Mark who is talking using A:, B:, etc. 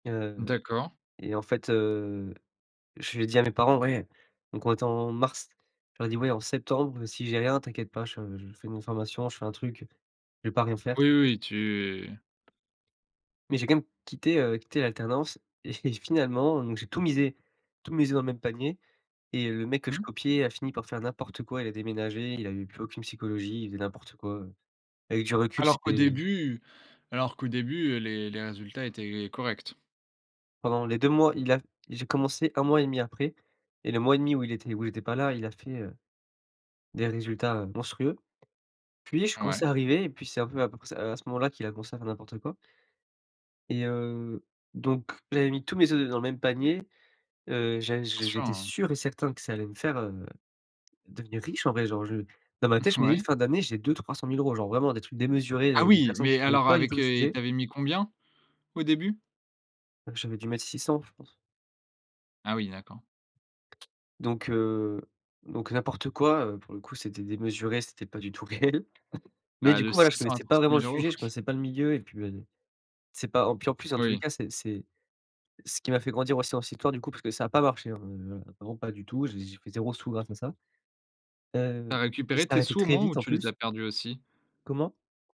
A: Heu
B: D'accord.
A: et en fait, heu, je lui ai dit à mes parents: «Ouais» donc on était en mars, je leur ai dit: «Ouais en septembre, si j'ai rien, t'inquiète pas, je je fais une formation, je fais un truc, je vais pas rien faire,
B: Oui,
A: t'inquiète».
B: oui, tu
A: Mais j'ai quand même quitté, heu, quitté l'alternance et finalement, donc j'ai tout misé tout misé dans le même panier. Et heu, le mec que je
B: Mmh.
A: copiais a fini par faire n'importe quoi. Il a déménagé, il avait plus aucune psychologie, il faisait n'importe quoi, heu, avec du recul,
B: Alors qu'au
A: c'était
B: début alors qu'au début, heu, les les résultats étaient corrects?
A: Pendant les 2 mois, il a j'ai commencé 1 mois et 1/2 après. Et le mois et 1/2 où il était où j'étais pas là, il a fait, heu, des résultats, heu, monstrueux. Puis je commence
B: Ouais.
A: à arriver et puis, c'est un peu à peu près c heu, à ce moment-là qu'il a commencé à faire n'importe quoi et heu, donc j'avais mis tous mes œufs dans le même panier. Heu, j'a
B: Bien
A: j'é
B: sûr,
A: j'étais
B: heu
A: sûr et certain que ça allait me faire, heu, devenir riche en vrai. Genre, je dans ma tête, je me
B: Ouais.
A: disais: «Fin d'année, j'ai 2-300 000 €,» genre vraiment des trucs démesurés de
B: Ah,
A: de
B: oui
A: personnes
B: mais
A: qui connait
B: alors
A: pas du tout
B: avec,
A: le
B: heu et
A: sujet.
B: tu avais mis combien, au début?
A: J'avais du mettre 600, je pense.
B: Ah oui, d'accord.
A: Donc heu donc n'importe quoi, heu, pour le coup, c'était démesuré, c'était pas du tout réel. Mais
B: Ah,
A: du
B: de
A: coup, voilà,
B: six
A: je
B: cents à
A: connaissais
B: trois
A: pas
B: cents
A: vraiment le
B: mille, oui.
A: sujet, je connaissais pas le milieu. Et puis, bah, d c'est pas o puis, en plus, dans tous les
B: Oui.
A: cas, c'est c'est ce qui m'a fait grandir aussi dans cette histoire du coup, parce que ça a pas marché, hein, heu, vraiment pas du tout. J'ai j'ai pris 0 sous grâce à ça.
B: Tu
A: Heu,
B: as
A: il
B: récupéré
A: s'est
B: tes
A: arrêté
B: sous au
A: très
B: moins ou
A: vite en
B: tu les
A: plus.
B: as perdus aussi?
A: Comment?